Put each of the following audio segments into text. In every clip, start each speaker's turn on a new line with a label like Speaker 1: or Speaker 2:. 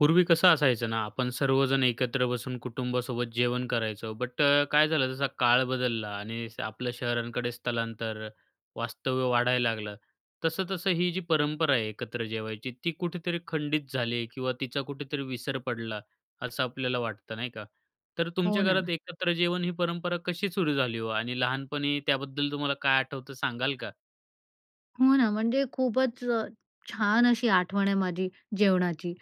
Speaker 1: पूर्वी कसं असायचं ना आपण सर्वजण एकत्र बसून कुटुंबासोबत जेवण करायचो. बट काय झालं, जसा काळ बदलला. आणि आपलं शहरांकडे स्थलांतर वास्तव्य वाढायला लागलं. तसं-तसं ही जी परंपरा आहे एकत्र जेवायची ती कुठेतरी खंडित झाली किंवा तिचा कुठेतरी विसर पडला असं आपल्याला वाटतं नाही का. तर तुमच्या
Speaker 2: हो
Speaker 1: घरात
Speaker 2: ना.
Speaker 1: एकत्र जेवण ही परंपरा कशी सुरू झाली हो आणि लहानपणी त्याबद्दल तुम्हाला काय आठवतं सांगाल का?
Speaker 2: हो ना, म्हणजे खूपच अ, छान अशी आठवण आहे माझी जेवणाची.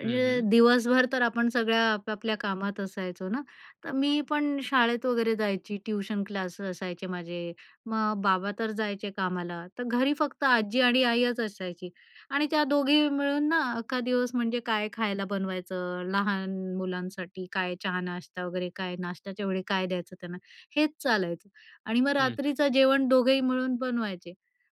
Speaker 2: अ,
Speaker 1: हं, हं.
Speaker 2: दिवसभर तर आपण सगळ्या आपापल्या कामात असायचो ना. तर मी पण शाळेत वगैरे जायची, ट्यूशन क्लास असायचे माझे. मग बाबा तर जायचे कामाला, तर घरी फक्त आजी आणि आईच असायची. आणि त्या दोघी मिळून ना अख्खा दिवस म्हणजे काय खायला बनवायचं, लहान मुलांसाठी काय, चहा नाश्ता वगैरे, काय नाश्त्याच्या वेळी काय द्यायचं त्यांना, हेच चालायचं. आणि मग
Speaker 1: हं, हं.
Speaker 2: रात्रीचं जेवण दोघंही मिळून बनवायचे,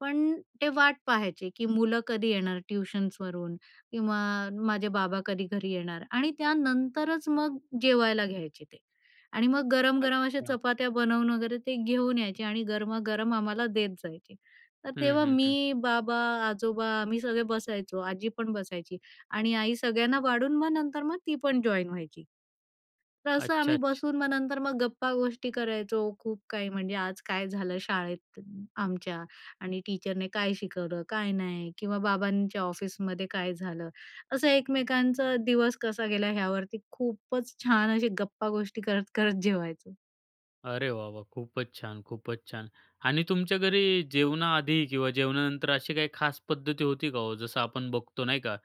Speaker 2: पण ते वाट पाहायचे की, मुलं कधी येणार ट्युशन्सवरून किंवा माझे बाबा कधी घरी येणार. आणि त्यानंतरच मग जेवायला घ्यायचे ते, आणि मग गरम-गरम अशा
Speaker 1: अच्छा.
Speaker 2: चपात्या बनवून वगैरे ते घेऊन यायचे आणि गरमागरम आम्हाला देत जायचे. तर
Speaker 1: हं,
Speaker 2: तेव्हा
Speaker 1: हं, हं.
Speaker 2: मी, बाबा, आजोबा, आम्ही सगळे बसायचो, आजी पण बसायची. आणि आई सगळ्यांना वाढून, मग नंतर मग ती पण जॉइन व्हायची. तर असं
Speaker 1: अच्छा,
Speaker 2: आम्ही
Speaker 1: अच्छा.
Speaker 2: बसून मग नंतर मग गप्पा गोष्टी करायचो, खूप काही, म्हणजे आज काय झालं शाळेत आमच्या आणि टीचरने काय शिकवलं काय नाही किंवा बाबांच्या ऑफिसमध्ये काय झालं, असं एकमेकांचा दिवस कसा गेला ह्यावरती खूपच छान अशी गप्पा गोष्टी करत करत जेवायचो.
Speaker 1: अरे वाह! वाह! खूपच छान! खूपच छान! आणि तुमच्या घरी जेवणाआधी किंवा जेवणानंतर अशी काही खास पद्धती होती का हो? जसं आपण बघतो नाही का,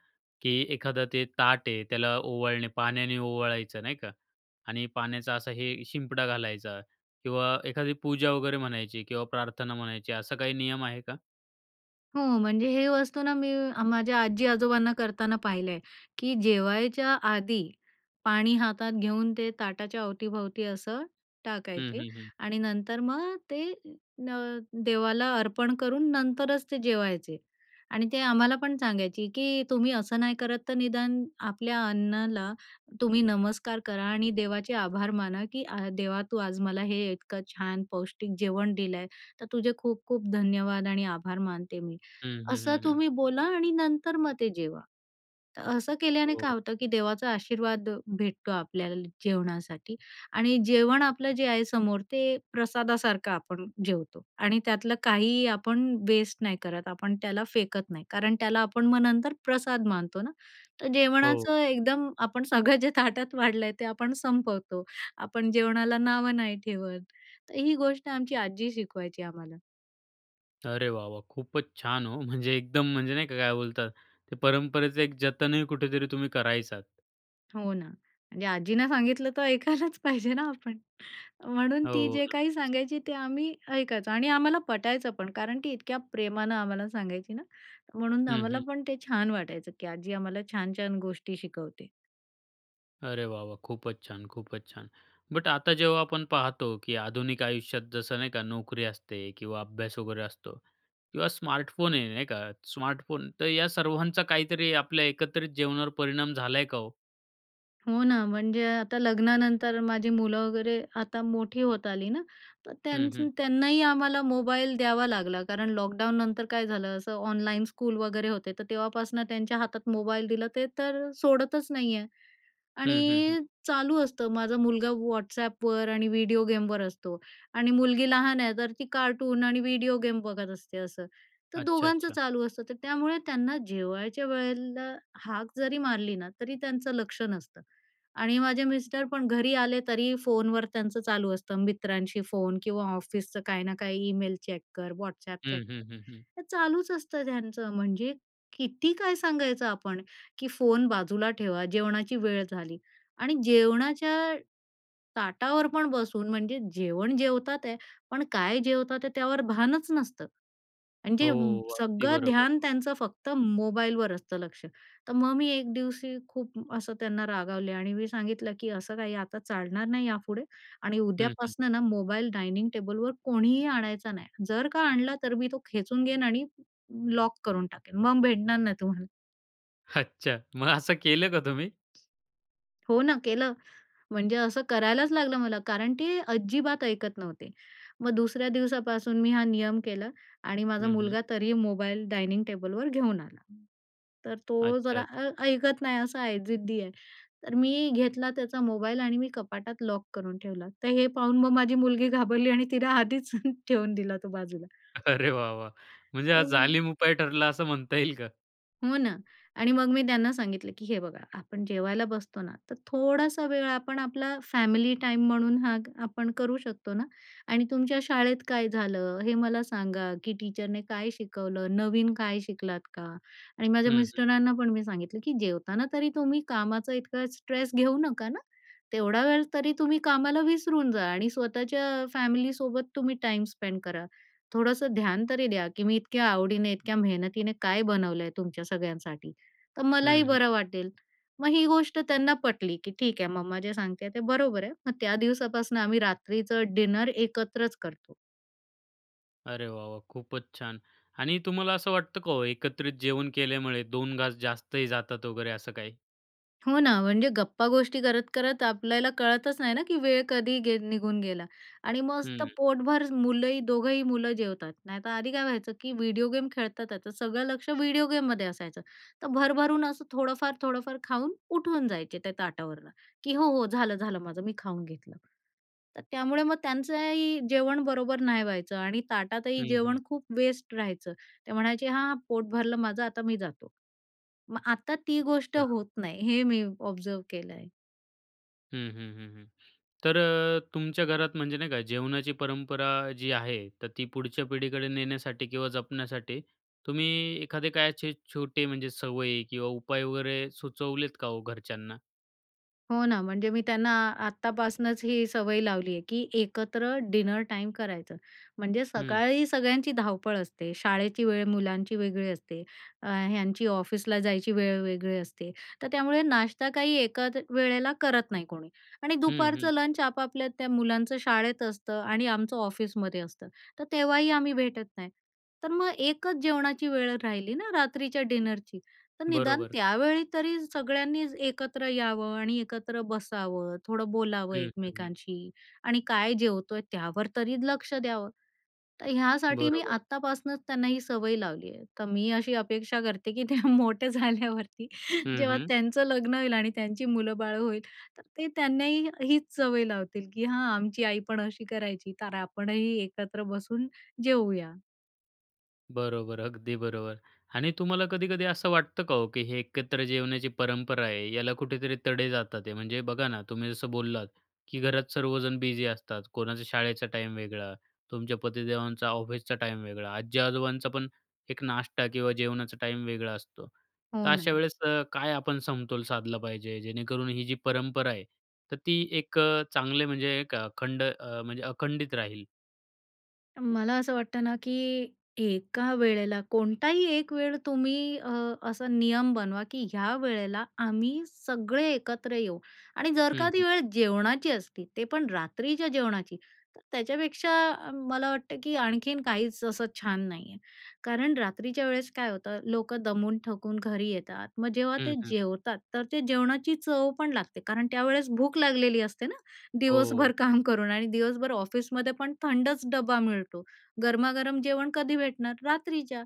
Speaker 1: की एखादा ते ताट आहे त्याला ओवाळणे पाण्याने ओवाळायचं नाही का, आणि पाण्याचा असा हे शिंपडा घालायचा किंवा एखादी पूजा वगैरे म्हणायची किंवा प्रार्थना म्हणायची, असा काही नियम आहे का?
Speaker 2: हो म्हणजे, हे वस्तू ना मी माझ्या आजी-आजोबांना करताना पाहिलं आहे की जेवायच्या आधी पाणी हातात घेऊन ते ताटाच्या अवतीभवती असं
Speaker 1: हं,
Speaker 2: टाकायचे
Speaker 1: हं. हं.
Speaker 2: आणि नंतर मग ते न देवाला अर्पण करून नंतरच ते जेवायचे. आणि ते आम्हालापण सांगायची, की तुम्ही असं नाही करत तर निदान आपल्या अन्नाला तुम्ही नमस्कार करा आणि देवाचे आभार माना, की अ, देवा तू आज मला हे इतकं छान पौष्टिक जेवण दिलं आहे. तर तुझे खूप-खूप धन्यवाद आणि आभार मानते मी.
Speaker 1: हं, हं.
Speaker 2: असं
Speaker 1: हं, हं.
Speaker 2: तुम्ही बोला आणि नंतर मग ते जेवा. तर असं केल्याने काय
Speaker 1: हो.
Speaker 2: होतं, की देवाचा आशीर्वाद भेटतो आपल्याला जेवणासाठी आणि जेवण आपलं जे आहे समोर ते प्रसादासारखं आपण जेवतो आणि त्यातलं काहीही आपण वेस्ट नाही करत आपण त्याला फेकत नाही. कारण त्याला आपण मग नंतर प्रसाद मानतो ना, तर
Speaker 1: हो.
Speaker 2: जेवणाचं एकदम आपण सगळं जे ताटात वाढलं आहे ते आपण संपवतो. आपण जेवणाला नावं नाही ठेवत. तर ही गोष्ट आमची आजी शिकवायची आम्हाला.
Speaker 1: अरे वाह! वाह! खूपच छान हो! म्हणजे एकदम म्हणजे नाही का काय बोलतात ते परंपरेचं एक जतनही कुठेतरी तुम्ही करायचात.
Speaker 2: हो ना. आणि आजींना सांगितलं तर ऐकायलाच पाहिजे ना आपण. म्हणून
Speaker 1: हो,
Speaker 2: ती
Speaker 1: हो,
Speaker 2: जे काही
Speaker 1: नक्कीच.
Speaker 2: सांगायची ते आम्ही ऐकायचो आणि आम्हाला पटायचं पण. कारण ती इतक्या प्रेमानं आम्हाला सांगायची ना, म्हणून
Speaker 1: हं,
Speaker 2: आम्हाला
Speaker 1: हं.
Speaker 2: पण ते छान वाटायचं की आजी आम्हाला छान-छान गोष्टी शिकवते.
Speaker 1: अरे वाह वाह खूपच छान! खूपच छान! बट आता जेव्हा आपण पाहतो की आधुनिक आयुष्यात जसं नाही का नोकरी असते किंवा अभ्यास वगैरे असतो किंवा स्मार्टफोन आहे, नाही का. स्मार्टफोन तर या सर्वांचा काहीतरी आपल्या एकत्रित जीवनावर परिणाम झाला आहे का ओ?
Speaker 2: हो ना, म्हणजे आता लग्नानंतर माझी मुलं वगैरे आता मोठी होत आली ना, तर
Speaker 1: हं,
Speaker 2: त्यांचं
Speaker 1: हं.
Speaker 2: त्यांनाही आम्हाला मोबाईल द्यावा लागला. कारण लॉकडाऊननंतर काय झालं असं ऑनलाईन स्कूल वगैरे होते, तर तेव्हापासून त्यांच्या हातात मोबाईल दिलं, ते तर सोडतच नाही आहे.
Speaker 1: हं, हं, हं.
Speaker 2: आणि चालू असतं, माझा मुलगा WhatsAppवर आणि व्हिडिओ गेमवर असतो आणि मुलगी लहान आहे तर ती कार्टून आणि व्हिडिओ गेम बघत असते असं, तर
Speaker 1: अच्छा,
Speaker 2: दोघांचं
Speaker 1: अच्छा.
Speaker 2: चालू असतं. तर त्यामुळे त्यांना जेवायच्या वेळेला हाक जरी मारली ना तरी त्यांचं लक्ष नसतं. आणि माझे मिस्टर पण घरी आले तरी फोनवर त्यांचं चालू असतं, मित्रांशी फोन किंवा ऑफिसचं काही ना काही ईमेल चेक कर, WhatsApp चेक
Speaker 1: हं, हं,
Speaker 2: कर,
Speaker 1: हं, हं.
Speaker 2: हे चालूच असतं त्यांचं. म्हणजे किती काय सांगायचं आपण की फोन बाजूला ठेवा, जेवणाची वेळ झाली. आणि जेवणाच्या ताटावर पण बसून म्हणजे जेवण जेवतात आहे पण काय जेवतात ते त्यावर भानच नसतं. आणि जे
Speaker 1: हो, अगदी
Speaker 2: सगळं
Speaker 1: बरोबर.
Speaker 2: ध्यान त्यांचं फक्त मोबाईलवर असतं लक्ष, तर मग मी एक दिवशी खूप असं त्यांना रागावले आणि मी सांगितलं की असं काही आता चालणार नाही यापुढे. आणि
Speaker 1: हं, हं.
Speaker 2: उद्यापासनं ना मोबाईल डायनिंग टेबलवर कोणीही आणायचा नाही, जर का आणला तर मी तो खेचून घेईन आणि लॉक करून टाकेन, मग भेटणार नाही तुम्हाला.
Speaker 1: अच्छा मग असं केलं का तुम्ही?
Speaker 2: हो ना केलं. म्हणजे असं करायलाच लागलं मला, कारण ती अजिबात ऐकत नव्हते. मग दुसऱ्या दिवसापासून मी हा नियम केला आणि माझा
Speaker 1: हं, हं.
Speaker 2: मुलगा तरीही मोबाईल डायनिंग टेबलवर घेऊन आला. तर तो
Speaker 1: अच्छा,
Speaker 2: जरा अ,
Speaker 1: अच्छा.
Speaker 2: ऐकत नाही असं आहे जिद्दी आहे. तर मी घेतला त्याचा मोबाईल आणि मी कपाटात लॉक करून ठेवला. तर हे पाहून मग माझी मुलगी घाबरली आणि तिला आधीच ठेवून दिला तो बाजूला.
Speaker 1: अरे वाह, वाह! म्हणजे हा
Speaker 2: आणि म
Speaker 1: जालीम उपाय ठरला असं म्हणता येईल का?
Speaker 2: हो ना. आणि मग मी त्यांना सांगितलं की हे बघा आपण जेवायला बसतो ना, तर थोडासा वेळ आपण आपला फॅमिली टाईम म्हणून हा आपण करू शकतो ना. आणि तुमच्या शाळेत काय झालं हे मला सांगा, की टीचरने काय शिकवलं? नवीन काय शिकलात का? आणि माझ्या
Speaker 1: हं, हं.
Speaker 2: मिस्टरांना पण मी सांगितलं की जेवताना तरी तुम्ही कामाचा इतका स्ट्रेस घेऊ नका ना. तेवढा वेळ तरी तुम्ही कामाला विसरून जा, आणि स्वतःच्या फॅमिलीसोबत तुम्ही टाईम स्पेंड करा. थोडंसं ध्यान तरी द्या की मी इतक्या आवडीने, इतक्या मेहनतीने काय बनवलं आहे तुमच्या सगळ्यांसाठी, तर मलाही
Speaker 1: हं,
Speaker 2: बरं
Speaker 1: हं.
Speaker 2: वाटेल. मग ही गोष्ट त्यांना पटली की ठीक आहे. मम्मा जे सांगते ते बरोबर आहे. मग त्या दिवसापासनं आम्ही रात्रीचं डिनर एकत्रच करतो.
Speaker 1: अरे वा! वा! खूपच छान. आणि तुम्हाला असं वाटतं का हो, एकत्रित जेवण केल्यामुळे दोन घास जास्तही जातात वगैरे असं काही?
Speaker 2: हो ना, म्हणजे गप्पा गोष्टी करत करत आपल्याला कळतच नाही ना की वेळ कधी गे निघून गेला आणि मस्त
Speaker 1: हं.
Speaker 2: पोटभर मुलंही, दोघंही मुलं जेवतात. नाहीतर आधी काय व्हायचं की व्हिडिओ गेम खेळतात, तर सगळं लक्ष व्हिडिओ गेममध्ये असायचं, तर भरभरून असं थोडंफार-थोडंफार खाऊन उठून जायचे त्या ताटावरनं की "हो हो, झालं-झालं माझं, मी खाऊन घेतलं." तर त्यामुळे मग त्यांचंही जेवण बरोबर नाही व्हायचं आणि ताटातही
Speaker 1: हं, हं.
Speaker 2: जेवण खूप वेस्ट राहायचं. ते म्हणायचे, "हां पोट भरलं माझं, आता मी जातो." मग आता ती गोष्ट
Speaker 1: हां.
Speaker 2: होत नाही, हे मी ऑब्झर्व्ह केलंय.
Speaker 1: हं, हं, हं, हं. तर अ, तुमच्या घरात म्हणजे नाही का, जेवणाची परंपरा जी आहे तर ती पुढच्या पिढीकडे नेण्यासाठी किंवा जपण्यासाठी, तुम्ही एखादे काय असे छोटे म्हणजे सवयी किंवा उपाय वगैरे सुचवलेत का हो घरच्यांना?
Speaker 2: हो ना, म्हणजे मी त्यांना आत्तापासनंच ही सवय लावली आहे की एकत्र डिनर टाईम करायचं. म्हणजे
Speaker 1: हं.
Speaker 2: सकाळी सगळ्यांची धावपळ असते, शाळेची वेळ मुलांची वेगळी असते, ह्यांची ऑफिसला जायची वेळ वेगळी असते, तर त्यामुळे नाश्ता काही एकाच वेळेला करत नाही कोणी. आणि
Speaker 1: हं, हं.
Speaker 2: दुपारचं लंच आपापल्या त्या मुलांचं शाळेत असतं आणि आमचं ऑफिसमध्ये असतं, तर तेव्हाही आम्ही भेटत नाही. तर मग एकच जेवणाची वेळ राहिली ना, रात्रीच्या डिनरची. तर निदान
Speaker 1: बरोबर.
Speaker 2: त्यावेळी तरी सगळ्यांनी एकत्र यावं आणि एकत्र बसावं, थोडं बोलावं
Speaker 1: हं, हं, हं.
Speaker 2: एकमेकांशी आणि काय जेवतोय त्यावर तरी लक्ष द्यावं. तर ह्यासाठी मी
Speaker 1: बरोबर.
Speaker 2: आत्तापासनंच त्यांना ही सवय लावली आहे. तर मी अशी अपेक्षा करते की ते मोठे झाल्यावरती,
Speaker 1: हं,
Speaker 2: जेव्हा
Speaker 1: हं.
Speaker 2: त्यांचं लग्न होईल आणि त्यांची मुलंबाळं होईल, तर ते त्यांनाही हीच सवय लावतील की "हां, आमची आई पण अशी करायची, तर आपणही एकत्र बसून जेवूया."
Speaker 1: बरोबर, अगदी बरोबर. आणि तुम्हाला कधी-कधी असं वाटतं का हो, की हे एकत्र जेवणाची परंपरा आहे याला कुठेतरी तडे जातात ते? म्हणजे बघा ना तुम्ही जसं बोललात, की घरात सर्वजण बिझी असतात, कोणाचा शाळेचा टाईम वेगळा, तुमच्या पतीदेवांचा ऑफिसचा टाईम वेगळा, आजी-आजोबांचापण एक नाष्टा किंवा जेवणाचा टाईम वेगळा असतो,
Speaker 2: हो
Speaker 1: तर अशा
Speaker 2: ना.
Speaker 1: वेळेस काय आपण समतोल साधला पाहिजे जेणेकरून ही, जी परंपरा आहे तर ती एक चांगले म्हणजे एक खंड म्हणजे अखंडित राहील?
Speaker 2: मला असं वाटतं ना, की एका वेळेला कोणताही एक वेळ तुम्ही अ, असा नियम बनवा, की या वेळेला आम्ही सगळे एकत्र येऊ. आणि जर
Speaker 1: हं,
Speaker 2: का ती
Speaker 1: हं.
Speaker 2: वेळ जेवणाची असती, ते पण रात्रीच्या जेवणाची, तर त्याच्यापेक्षा मला वाटतं, की आणखीन काहीच असं छान नाही आहे. कारण रात्रीच्या वेळेस काय होतं, लोकं दमून थकून घरी येतात, मग जेव्हा
Speaker 1: हं,
Speaker 2: ते
Speaker 1: हं.
Speaker 2: जेवतात तर ते जेवणाची चवपण लागते. कारण त्यावेळेस भूक लागलेली असते ना, दिवसभर
Speaker 1: हो.
Speaker 2: काम करून आणि दिवसभर ऑफिसमध्येपण थंडच डबा मिळतो, गरमागरम जेवण कधी भेटणार? रात्रीच्या.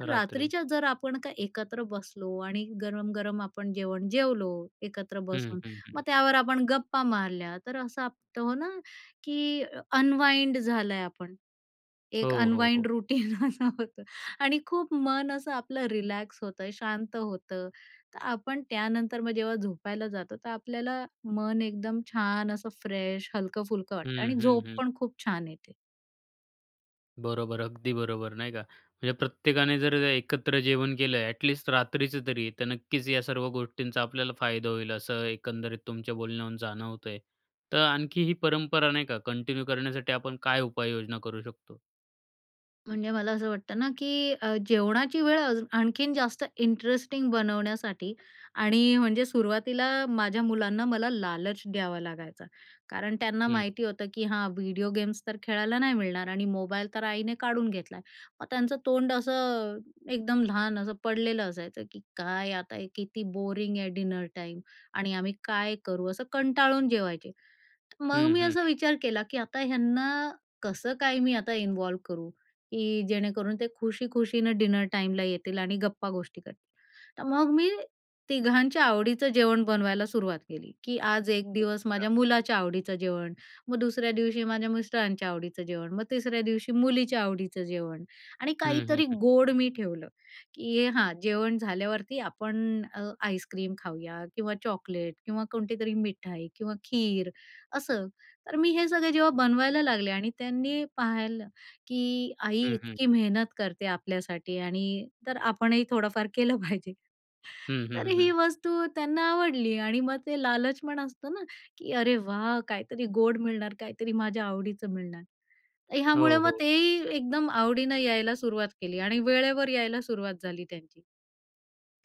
Speaker 1: रात्री.
Speaker 2: रात्रीच्या जर आपण का एकत्र बसलो आणि गरम-गरम आपण जेवण जेवलो एकत्र
Speaker 1: हं,
Speaker 2: बसून,
Speaker 1: हं.
Speaker 2: मग
Speaker 1: हं.
Speaker 2: त्यावर आपण गप्पा मारल्या, तर असं [unintelligible] तो ना, की अनवाइंड झालंय आपण. एक
Speaker 1: हो, हो. हो.
Speaker 2: अनवाइंड रूटीन असं होतं. आणि खूप मन असं आपलं रिलॅक्स होतं, शांत होतं. तर आपण त्यानंतर मग जेव्हा झोपायला जातो, तर आपल्याला मन एकदम छान असं फ्रेश, हलकं-फुलकं वाटतं
Speaker 1: हं,
Speaker 2: आणि
Speaker 1: हं.
Speaker 2: झोप
Speaker 1: हं.
Speaker 2: पण खूप छान येते.
Speaker 1: बरोबर, अगदी बरोबर नाही का. म्हणजे प्रत्येकाने जर एकत्र जेवण केलं, एटलीस्ट रात्रीचं तरी तर, नक्कीच या सर्व गोष्टींचा आपल्याला फायदा होईल. असं एकंदरीत तुमच्या बोलण्यावरून जाणवतंय. तर आणखी ही परंपरा नाही का कंटिन्यू करण्यासाठी आपण काय उपाययोजना करू शकतो?
Speaker 2: म्हणजे मला असं वाटतं ना, की जेवणाची वेळ अज आणखीन जास्त इंटरेस्टिंग बनवण्यासाठी आणि म्हणजे सुरुवातीला माझ्या मुलांना मला लालच द्यावा लागायचा. कारण त्यांना
Speaker 1: हं.
Speaker 2: माहिती होतं की हां व्हिडिओ गेम्स तर खेळायला नाही मिळणार आणि मोबाईल तर आईने काढून घेतला आहे. मग त्यांचं तोंड असं, एकदम लहान असं पडलेलं असायचं की "काय आता हे किती बोरिंग आहे डिनर टाईम आणि आम्ही काय करू." असं कंटाळून जेवायचे. मग
Speaker 1: हं,
Speaker 2: मी
Speaker 1: हं,
Speaker 2: असा
Speaker 1: हं.
Speaker 2: विचार केला की आता ह्यांना कसं काय मी आता इन्वॉल्व करू की जेणेकरून ते खुशी खुशीनं डिनर टाईमला येतील आणि गप्पा-गोष्टी करतील. तर मग मी तिघांच्या आवडीचं जेवण बनवायला सुरुवात केली, की आज एक दिवस
Speaker 1: अच्छा.
Speaker 2: माझ्या मुलाच्या आवडीचं जेवण, मग दुसऱ्या दिवशी माझ्या मिस्टरांच्या आवडीचं जेवण, मग तिसऱ्या दिवशी मुलीच्या आवडीचं जेवण आणि
Speaker 1: हं, हं,
Speaker 2: काहीतरी
Speaker 1: हं.
Speaker 2: गोड मी ठेवलं की हां, जेवण झाल्यावरती आपण अ, आईस्क्रीम खाऊया किंवा चॉकलेट किंवा कोणतीतरी मिठाई किंवा खीर असं. तर मी हे सगळं जेव्हा बनवायला लागले आणि त्यांनी पाहिलं की आई
Speaker 1: हं, हं.
Speaker 2: इतकी मेहनत करते आपल्यासाठी, आणि तर आपणही थोडंफार केलं पाहिजे
Speaker 1: हं,
Speaker 2: तर
Speaker 1: हं,
Speaker 2: ही
Speaker 1: हं.
Speaker 2: वस्तू त्यांना आवडली. आणि मग ते लालचपण असतं ना, की "अरे वाह! काहीतरी गोड मिळणार, काहीतरी माझ्या आवडीचं मिळणार."
Speaker 1: हो,
Speaker 2: ह्यामुळं मग
Speaker 1: हो.
Speaker 2: तेही एकदम आवडीनं यायला सुरुवात केली आणि वेळेवर यायला सुरुवात झाली त्यांची.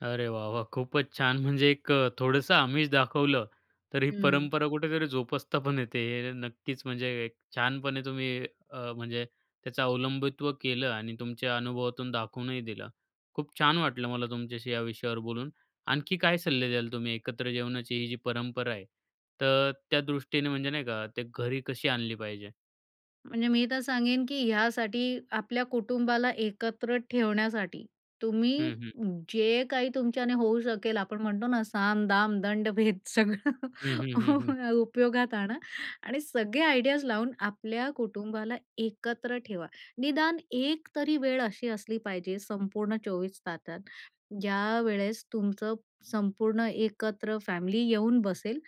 Speaker 1: अरे वाह वाह! खूपच छान! म्हणजे एक अ, थोडंसं आमिष दाखवलं, तर ही
Speaker 2: हम्म.
Speaker 1: परंपरा कुठेतरी जोपासता पण येते. हे नक्कीच म्हणजे एक छानपणे तुम्ही, अ, म्हणजे त्याचं अवलंबित्व केलं आणि तुमच्या अनुभवातून दाखवूनही दिलं. खूप छान वाटलं मला तुमच्याशी या विषयावर बोलून. आणखी काय सल्ले द्याल तुम्ही, एकत्र जेवणाची ही जी परंपरा आहे, तर त्यादृष्टीने, म्हणजे नाही का, ते घरी कशी आणली पाहिजे?
Speaker 2: म्हणजे मी तर सांगेन की ह्यासाठी, आपल्या कुटुंबाला एकत्र ठेवण्यासाठी, तुम्ही
Speaker 1: हं, हं.
Speaker 2: जे काही तुमच्याने होऊ शकेल, आपण म्हणतो ना. साम, दाम, दंड, भेद.
Speaker 1: हं, हं, हं, हं.
Speaker 2: सगळं उपयोगात आणा. आणि सगळे आयडियाज लावून आपल्या कुटुंबाला एकत्र ठेवा. निदान एक तरी वेळ अशी असली पाहिजे संपूर्ण 24 तासात, ज्यावेळेस तुमचं संपूर्ण एकत्र फॅमिली येऊन बसेल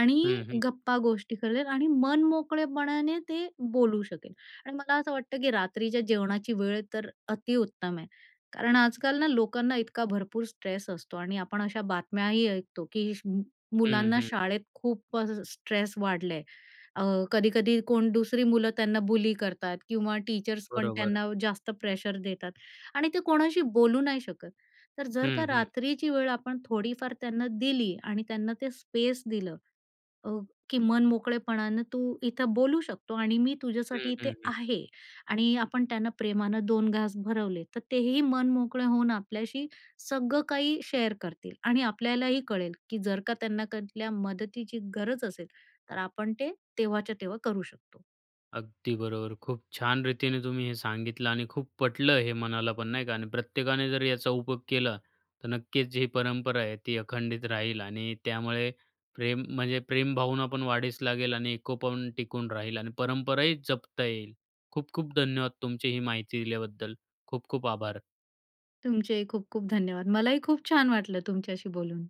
Speaker 2: आणि
Speaker 1: हं, हं.
Speaker 2: गप्पा गोष्टी करेल आणि मनमोकळेपणाने ते बोलू शकेल. आणि मला असं वाटतं की रात्रीच्या जेवणाची वेळ तर अतिउत्तम आहे कारण आजकाल ना लोकांना इतका भरपूर स्ट्रेस असतो .आणि आपण अशा बातम्याही ऐकतो की
Speaker 1: हं,
Speaker 2: मुलांना
Speaker 1: हं.
Speaker 2: शाळेत खूपच स्ट्रेस वाढला आहे. अ, कधी-कधी कोण दुसरी मुलं त्यांना बुली करतात किंवा टीचर्स पण
Speaker 1: बरोबर.
Speaker 2: त्यांना जास्त प्रेशर देतात. आणि ते कोणाशी बोलू नाही शकत. तर जर
Speaker 1: हं,
Speaker 2: का
Speaker 1: हं.
Speaker 2: रात्रीची वेळ आपण थोडीफार त्यांना दिली आणि त्यांना ते स्पेस दिलं अ, की मन मोकळेपणानं तू इथं बोलू शकतो. आणि मी
Speaker 1: हं,
Speaker 2: तुझ्यासाठी इथे
Speaker 1: हं, हं.
Speaker 2: आहे. आणि आपण त्यांना प्रेमानं 2 घास भरवले, तर तेही मन मोकळे होऊन आपल्याशी सगळं काही शेअर करतील आणि आपल्यालाही कळेल की, जर का त्यांना कुठल्या मदतीची गरज असेल, तर आपण ते तेव्हाच्या तेव्हा करू शकतो.
Speaker 1: अगदी बरोबर. खूप छान रीतीने तुम्ही हे सांगितलं आणि खूप पटलं हे मनाला पण, नाही का. आणि प्रत्येकाने जर याचा उपयोग केला, तर नक्कीच जी परंपरा आहे, ती अखंडित राहील. आणि त्यामुळे प्रेम, म्हणजे प्रेम भावना पण वाढीस लागेल. आणि एकोपा पण टिकून राहील आणि परंपराही जपता येईल. खूप-खूप धन्यवाद तुमची ही माहिती दिल्याबद्दल. खूप-खूप आभार.
Speaker 2: तुमचेही खूप-खूप धन्यवाद. मला ही खूप छान वाटलं तुमच्याशी बोलून.